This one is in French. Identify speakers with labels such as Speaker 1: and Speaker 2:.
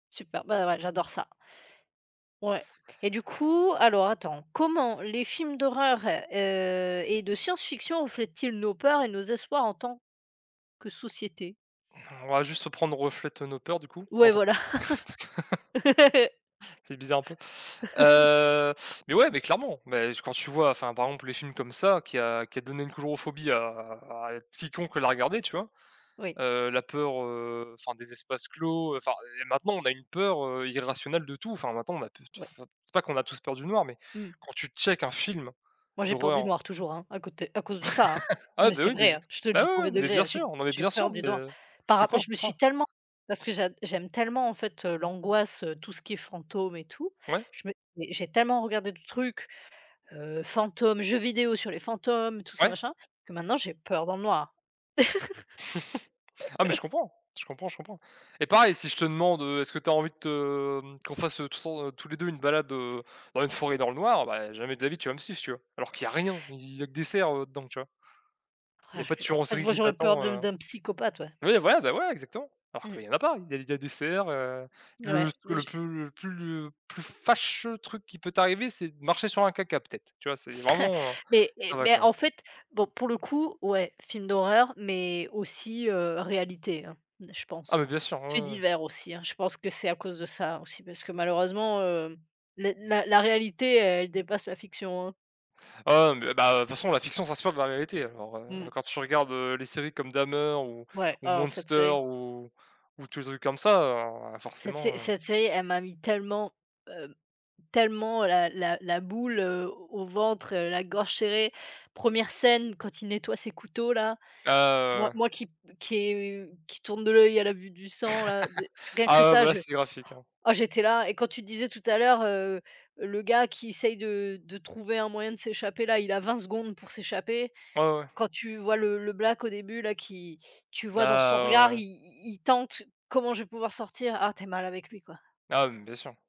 Speaker 1: Super, bah ouais, j'adore ça. Ouais et du coup, alors attends, comment les films d'horreur, heu et de science-fiction, reflètent-ils nos peurs et nos espoirs en tant, que société?
Speaker 2: On va juste se prendre, reflète nos peurs, du coup,
Speaker 1: Ouais,
Speaker 2: pendant
Speaker 1: voilà.
Speaker 2: cette C'est bizarre un peu. Heu, mais ouais, mais clairement, mais quand tu vois, enfin, par exemple les films comme ça qui a qui a donné une chlorophobie à à quiconque l'a regardé tu vois?
Speaker 1: Oui.
Speaker 2: Heu, la peur, heu, enfin des espaces clos, heu, enfin et maintenant on a une peur, heu, irrationnelle de tout, enfin, maintenant on a pe te
Speaker 1: Ouais.
Speaker 2: pff c'est pas qu'on a tous peur du noir mais,
Speaker 1: Mmh.
Speaker 2: quand tu checkes un film
Speaker 1: Moi j'ai peur du
Speaker 2: d'horreur
Speaker 1: noir toujours, hein, à côté à cause de ça, hein! Non
Speaker 2: ah
Speaker 1: mais
Speaker 2: beh
Speaker 1: c'est
Speaker 2: oui, beh
Speaker 1: vrai,
Speaker 2: je
Speaker 1: hein, je te le
Speaker 2: ben
Speaker 1: dis
Speaker 2: ouais, ouais,
Speaker 1: 1er
Speaker 2: mais
Speaker 1: degré,
Speaker 2: bien
Speaker 1: hein, j'ai p
Speaker 2: sûr, non mais
Speaker 1: j'ai
Speaker 2: bien sûr
Speaker 1: peur du
Speaker 2: mais,
Speaker 1: noir
Speaker 2: heu, je
Speaker 1: par
Speaker 2: te
Speaker 1: rap
Speaker 2: crois,
Speaker 1: je
Speaker 2: je
Speaker 1: me
Speaker 2: te
Speaker 1: suis
Speaker 2: crois.
Speaker 1: tellement parce que j'ad j'aime tellement en fait, heu, l'angoisse, heu, tout ce qui est fantôme et tout,
Speaker 2: Ouais.
Speaker 1: je me j'ai tellement regardé de truc, heu, fantômes, jeux vidéo sur les fantômes tout ça,
Speaker 2: Ouais.
Speaker 1: machin, que maintenant j'ai peur dans le noir.
Speaker 2: Ah mais, je comprends, je comprends, je comprends et pareil si je te demande, heu, est-ce que tu as envie de te, hem, qu'on fasse, heu, tous en, heu, tout le temps tous les 2 une balade, heu, dans une forêt dans le noir? Beh et jamais de la vie, tu vas me suivre, tu vois? Alors qu'il y a rien, i il y a que des cerfs, heu, dedans, tu vois? Il y
Speaker 1: Ah et
Speaker 2: a pas de
Speaker 1: puis, bah
Speaker 2: tueurs
Speaker 1: en
Speaker 2: en
Speaker 1: fait,
Speaker 2: série
Speaker 1: moi
Speaker 2: qui
Speaker 1: j'aurais peur
Speaker 2: t'attend,
Speaker 1: de
Speaker 2: heu
Speaker 1: d'un psychopathe, ouais.
Speaker 2: oui voilà ben ouais exactement. Alors
Speaker 1: Mmh.
Speaker 2: qu'il y en a pas, il y a il y a des cerfs, heu, le
Speaker 1: Ouais, mais
Speaker 2: le
Speaker 1: je
Speaker 2: plus le plus, heu, plus fâcheux truc qui peut t'arriver, c'est de marcher sur un caca peut-être, tu vois c'est vraiment, heu,
Speaker 1: Mais et
Speaker 2: ça va
Speaker 1: mais
Speaker 2: quoi.
Speaker 1: en fait bon pour le coup, ouais, film d'horreur mais aussi, heu, réalité, hein, je
Speaker 2: Ah beh,
Speaker 1: pense.
Speaker 2: bien sûr, ouais,
Speaker 1: Faits
Speaker 2: ouais, ouais.
Speaker 1: divers aussi, hein, je pense que c'est à cause de ça aussi, parce que malheureusement, heu, les la la réalité, elle dépasse la fiction, hein.
Speaker 2: Ah ouais mais, heu, ben, heu de toute façon, la fiction s'inspire de la réalité alors, heu,
Speaker 1: Mmh.
Speaker 2: quand tu regardes, heu, les séries comme Dahmer ou
Speaker 1: Ouais,
Speaker 2: ou
Speaker 1: oh cette
Speaker 2: Monster,
Speaker 1: série.
Speaker 2: ou ou tous les trucs comme ça, heu,
Speaker 1: Cette
Speaker 2: forcément,
Speaker 1: sé
Speaker 2: heu
Speaker 1: cette série, elle m'a mis tellement, hem, tellement la la la boule, heu, au ventre, heu, la gorge serrée. 1re scène, quand il nettoie ses couteaux-là.
Speaker 2: Ah ouais,
Speaker 1: Moi
Speaker 2: ouais, ouais.
Speaker 1: moi, qui p qui est, heu, qui tourne de l'œil à la vue du sang là, d rien que
Speaker 2: Ah ouais
Speaker 1: ça
Speaker 2: bah là,
Speaker 1: je
Speaker 2: c'est graphique, hein.
Speaker 1: ah j'étais là et quand tu disais tout à l'heure, heu, le gars qui essaie de de trouver un moyen de s'échapper là, il a 20 secondes pour s'échapper.
Speaker 2: Ouais, ouais, ouais.
Speaker 1: Quand tu vois le le black au début là, qui tu vois dans son
Speaker 2: Ah, ouais,
Speaker 1: regard i
Speaker 2: ouais.
Speaker 1: i il tente: «Comment je vais pouvoir sortir?» Ah, tu es mal avec lui, quoi.
Speaker 2: Ah, mais bien sûr.